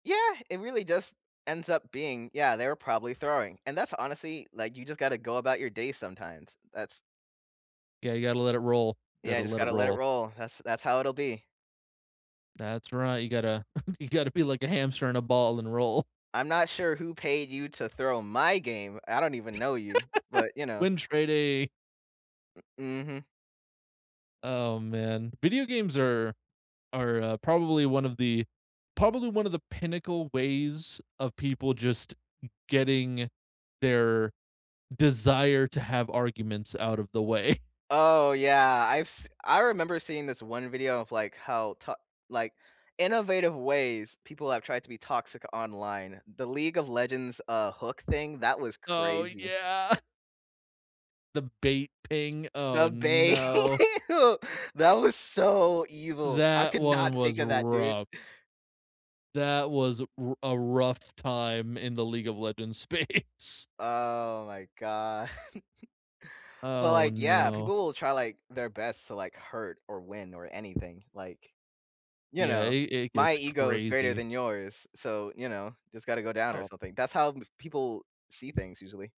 Yeah, it really just ends up being, "Yeah, they were probably throwing." And that's honestly, like, you just gotta go about your day sometimes. That's Yeah, you gotta let it roll. You Yeah, gotta just let it gotta let it roll. roll. That's that's how it'll be. That's right, you gotta you gotta be like a hamster and a ball and roll. "I'm not sure who paid you to throw my game. I don't even know you," but, you know. Win-trading. M mhm. Oh, man. Video games are are, uh, probably one of the probably one of the pinnacle ways of people just getting their desire to have arguments out of the way. Oh, yeah, I've s I remember seeing this one video of, like, how ta like, innovative ways people have tried to be toxic online. The League of Legends, uh, hook thing, that was Oh crazy. yeah. The bait ping, The oh bai no. That was so evil. I That could not one think was of that, dude. rough. That was a r a rough time in the League of Legends space. Oh my god. But, Oh like, yeah, no. people will try, like, their best to, like, hurt or win or anything, like, "You Yeah, know, it it my gets ego is greater crazy. than yours, so, you know, it's gotta go down or Oh. something," that's how m people see things usually.